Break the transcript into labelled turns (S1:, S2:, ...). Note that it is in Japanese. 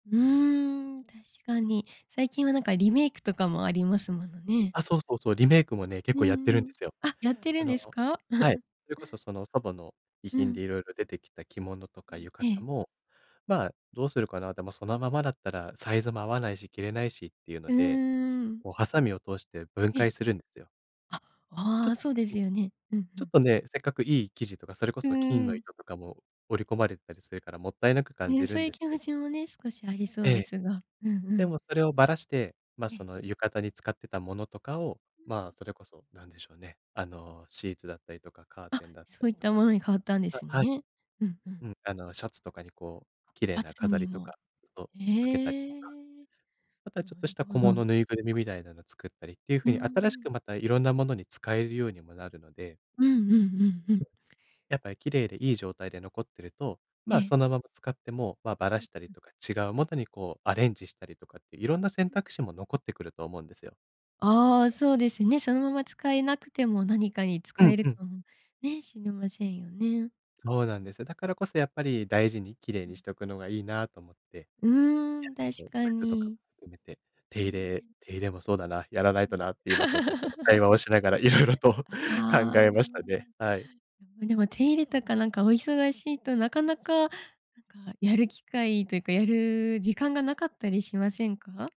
S1: うーん、確かに。最近はなんかリメイクとかもありますものね。
S2: あ、そうそうそう。リメイクもね、結
S1: う
S2: 構やっ
S1: ん
S2: て
S1: う
S2: るんで
S1: ん。
S2: すよ。
S1: あ、やってる
S2: あ
S1: ん
S2: の
S1: ですか？
S2: はい、それこそその祖母の遺
S1: う
S2: 品で
S1: ん。
S2: 色々出てきた着物とか
S1: え
S2: 浴
S1: ええ
S2: 衣
S1: え。
S2: も、まあどうするかな、でもそのままだったらサイズも合わないし、着れないしっていうの
S1: うー
S2: で、
S1: ん。
S2: こうハサミを通して分
S1: え。
S2: 解するんですよ。
S1: あ、
S2: ち
S1: あ
S2: ょん。
S1: あ、そうですよね。うんう
S2: ちょっ
S1: ん。
S2: とね、せっかくいい生地とか、それこ
S1: う
S2: そ金の
S1: ん。
S2: 糸とかも織り込まれたりするから、もったいなく感
S1: ね、
S2: じ
S1: そ
S2: る
S1: う
S2: ん
S1: いう
S2: です
S1: 気
S2: け
S1: 持
S2: ど。
S1: ちもね、少しありそ
S2: え
S1: うで
S2: え、
S1: すが、うんう
S2: で
S1: ん。
S2: もそれをばらして、ま、
S1: え
S2: そ
S1: え。
S2: の浴衣に使ってたものとかを、
S1: うん。
S2: ま、それこそなんでしょうね、あのシーツだったりとかカー
S1: あ、
S2: テンだった
S1: そう
S2: り
S1: いっ
S2: と
S1: た
S2: か
S1: ものに変わったんで
S2: あ、
S1: す
S2: はい。
S1: ね、うんうん。
S2: うん、あのシャツとかにこう綺
S1: シ
S2: 麗
S1: ャ
S2: な
S1: ツ
S2: 飾
S1: に
S2: りと
S1: も。
S2: かをつけたり
S1: へ
S2: とか、
S1: え、
S2: また
S1: な
S2: ちょっとし
S1: る
S2: た
S1: ほ
S2: 小
S1: ど。
S2: 物、ぬいぐるみみたいなの作ったりっていう
S1: う
S2: 風
S1: ー
S2: に、新しく
S1: ん。
S2: またいろんなものに使えるようにもなるので
S1: うんうんうんうん。
S2: やっぱ綺麗でいい状態で残ってると、
S1: え
S2: まあ、
S1: え。
S2: そのまま使っても、まあ、ばら
S1: うん
S2: したり
S1: うん。
S2: とか、違うもとにこうアレンジしたりとかって色んな選
S1: ん。
S2: 択肢も残ってくると思うんですよ。
S1: ああ、そうですね。そのまま使えなくても何かに
S2: う
S1: 使
S2: ん
S1: える
S2: うん。
S1: かもね、しれませんよね。
S2: そうなんです。だからこそやっぱり大事に綺麗
S1: う
S2: に
S1: ん。
S2: しとくのがいいなと思って。
S1: うーん、
S2: やっ
S1: 確
S2: ぱり、
S1: か
S2: 靴とかも
S1: に。
S2: 含めて、手入
S1: ね
S2: れ
S1: え。
S2: 手入れもそうだな、やらない
S1: うん。
S2: となって、今ちょっとこの会話を しながら色々と考
S1: あ
S2: えま
S1: あ。
S2: したね。はい。
S1: うん、でも手入れとかなんかお忙しいと、なかなかなんかやる機会というかやる時間がなかったりしませんか？